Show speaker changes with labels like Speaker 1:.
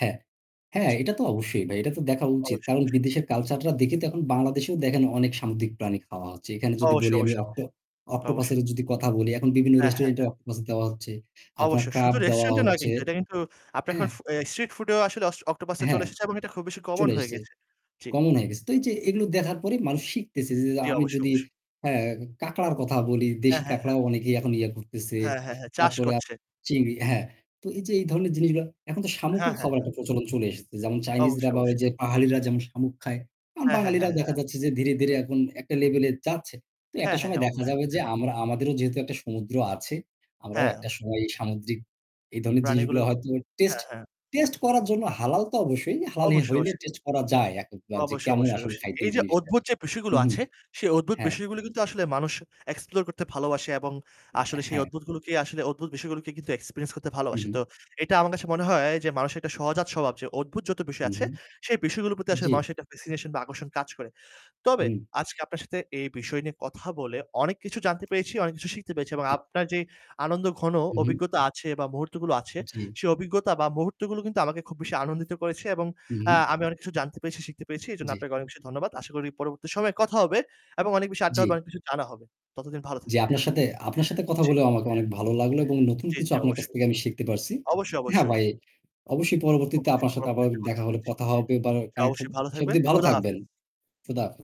Speaker 1: হ্যাঁ, হ্যাঁ,
Speaker 2: জি।
Speaker 1: এটা তো অবশ্যই ভাই। এটা তো দেখা উচিত।
Speaker 2: অবশ্যই,
Speaker 1: কারণ
Speaker 2: অবশ্যই।
Speaker 1: বিদেশের culture টা দেখে তো এখন বাংলাদেশেও দেখেন অনেক সামুদ্রিক প্রাণী খাওয়া হচ্ছে। এখানে যদি
Speaker 2: অবশ্যই,
Speaker 1: বলি আমি
Speaker 2: অবশ্যই,
Speaker 1: অক্টো
Speaker 2: অবশ্যই। অবশ্যই।
Speaker 1: অক্টোপাসেরও যদি কথা বলি, এখন বিভিন্ন
Speaker 2: অ্যা হ্যাঁ,
Speaker 1: restaurant এ
Speaker 2: হ্যাঁ।
Speaker 1: অক্টোপাস দেওয়া হচ্ছে, আপনার
Speaker 2: অবশ্যই
Speaker 1: crab
Speaker 2: শুধু
Speaker 1: দেওয়া
Speaker 2: restaurant-এ নয়
Speaker 1: হচ্ছে
Speaker 2: কিন্তু এটা কিন্তু আপনার
Speaker 1: হ্যাঁ?
Speaker 2: এখন ফ এ street food-এও আসলে অস octopus-টা চলে
Speaker 1: হ্যাঁ,
Speaker 2: এসেছে এবং এটা খুব বেশি common
Speaker 1: চলে
Speaker 2: হয়ে
Speaker 1: এসেছে,
Speaker 2: গেছে। জি।
Speaker 1: common হয়ে গেছে। তো এই যে এগুলো দেখার পরে মানুষ শিখতেছে যে যে
Speaker 2: জি।
Speaker 1: আমি
Speaker 2: অবশ্যই,
Speaker 1: যদি
Speaker 2: অবশ্যই।
Speaker 1: হ্যাঁ, কাঁকড়ার কথা বলি,
Speaker 2: অ্যা
Speaker 1: দেশি
Speaker 2: হ্যাঁ,
Speaker 1: কাঁকড়াও
Speaker 2: হ্যাঁ।
Speaker 1: অনেকেই এখন ইয়ে করতেছে।
Speaker 2: হ্যাঁ, হ্যাঁ, হ্যাঁ, চাষ
Speaker 1: তারপরে আপ
Speaker 2: করছে।
Speaker 1: চিংড়ি। হ্যাঁ, তো এই যে এই ধরনের জিনিসগুলা এখন তো
Speaker 2: হ্যাঁ,
Speaker 1: শামুকও
Speaker 2: হ্যাঁ,
Speaker 1: খাবার
Speaker 2: হ্যাঁ।
Speaker 1: একটা প্রচলন চলে এসেছে। যেমন চাইনিজরা
Speaker 2: অবশ্যই,
Speaker 1: বা
Speaker 2: অবশ্যই।
Speaker 1: ওই যে পাহাড়ীরা যেমন শামুক খায়, এখন
Speaker 2: অ্যা হ্যাঁ, হ্যাঁ,
Speaker 1: বাঙালিরাও দেখা
Speaker 2: হ্যাঁ।
Speaker 1: যাচ্ছে যে ধীরে, ধীরে, এখন একটা level এ যাচ্ছে। তো
Speaker 2: হ্যাঁ,
Speaker 1: একটা
Speaker 2: হ্যাঁ,
Speaker 1: সময়
Speaker 2: হ্যাঁ।
Speaker 1: দেখা
Speaker 2: অবশ্যই,
Speaker 1: যাবে যে
Speaker 2: অবশ্যই।
Speaker 1: আমরা আমাদেরও যেহেতু একটা সমুদ্র আছে, আমরাও একটা
Speaker 2: হ্যাঁ।
Speaker 1: সময় এই সামুদ্রিক এই ধরনের জিনিসগুলা
Speaker 2: প্রাণীগুলোর।
Speaker 1: হয়তো টেস্ট
Speaker 2: হ্যাঁ, হ্যাঁ।
Speaker 1: টেস্ট করার জন্য হালাল তো অবশ্যই। হালালই
Speaker 2: অবশ্যই,
Speaker 1: হইলে
Speaker 2: অবশ্যই।
Speaker 1: টেস্ট করা যায় এক অক বার যে
Speaker 2: অবশ্যই,
Speaker 1: কেমন
Speaker 2: অবশ্যই,
Speaker 1: আসলে
Speaker 2: অবশ্যই।
Speaker 1: খাইতে
Speaker 2: এই
Speaker 1: এই
Speaker 2: যে
Speaker 1: জিনিসটা।
Speaker 2: অদ্ভুত যে বিষয়গুলো
Speaker 1: উহু।
Speaker 2: আছে। সে অদ্ভুত
Speaker 1: হ্যাঁ।
Speaker 2: বিষয়গুলো কিন্তু আসলে মানুষ explore করতে ভালোবাসে এবং
Speaker 1: উম অ্যা
Speaker 2: আসলে সেই
Speaker 1: হ্যাঁ।
Speaker 2: অদ্ভুতগুলোকে আসলে অদ্ভুত বিষয়গুলোকে কিন্তু experience করতে
Speaker 1: উ
Speaker 2: ভালোবাসে।
Speaker 1: হু।
Speaker 2: তো এটা আমার কাছে মনে হয় যে মানুষের একটা সহজাত স্বভাব যে অদ্ভুত যত বিষয়
Speaker 1: উ
Speaker 2: আছে।
Speaker 1: হু।
Speaker 2: সেই বিষয়গুলোর প্রতি আসলে
Speaker 1: জি।
Speaker 2: মানুষের একটা fascination বা আকর্ষণ কাজ করে। তবে
Speaker 1: উ
Speaker 2: আজকে আপনার সাথে এই বিষয় নিয়ে কথা বলে অনেক কিছু জানতে পেরেছি, অনেক কিছু শিখতে পেরেছি এবং
Speaker 1: জি।
Speaker 2: আপনার যেই আনন্দঘন
Speaker 1: উ হু।
Speaker 2: অভিজ্ঞতা আছে বা মুহূর্তগুলো আছে
Speaker 1: জি।
Speaker 2: সে অভিজ্ঞতা বা মুহূর্তগুলো কিন্তু আমাকে খুব বেশি আনন্দিত করেছে এবং
Speaker 1: উ
Speaker 2: আ
Speaker 1: হু।
Speaker 2: আমি অনেক কিছু জানতে পেরেছি, শিখতে পেরেছি। এজন্য
Speaker 1: জি।
Speaker 2: আপনাকে অনেক বেশি ধন্যবাদ। আশা করি পরবর্তীতে সময় কথা হবে এবং অনেক বেশি আড্ডা হবে,
Speaker 1: জি।
Speaker 2: অনেক কিছু জানা হবে। ততদিন ভালো
Speaker 1: জি
Speaker 2: থাকবেন।
Speaker 1: আপনার সাথে আপনার সাথে কথা
Speaker 2: জি।
Speaker 1: বলে আমাকেও অনেক ভালো লাগলো এবং নতুন
Speaker 2: জি,
Speaker 1: কিছু
Speaker 2: জি,
Speaker 1: আপনার কাছ
Speaker 2: অবশ্যই।
Speaker 1: থেকে আমি শিখতে পারছি।
Speaker 2: অবশ্যই,
Speaker 1: হ্যাঁ
Speaker 2: অবশ্যই।
Speaker 1: ভাই, অবশ্যই পরবর্তীতে
Speaker 2: অবশ্যই।
Speaker 1: আপনার সাথে আবারও
Speaker 2: পরবর্তীতে কথা
Speaker 1: দেখা
Speaker 2: হবে,
Speaker 1: হলে
Speaker 2: জি।
Speaker 1: কথা হবে, বা
Speaker 2: জি,
Speaker 1: connect হব।
Speaker 2: অবশ্যই ভালো
Speaker 1: সে
Speaker 2: থাকবেন।
Speaker 1: অব্দি ভালো
Speaker 2: খোদা
Speaker 1: থাকবেন।
Speaker 2: হাফেজ।
Speaker 1: খোদা হাফেজ।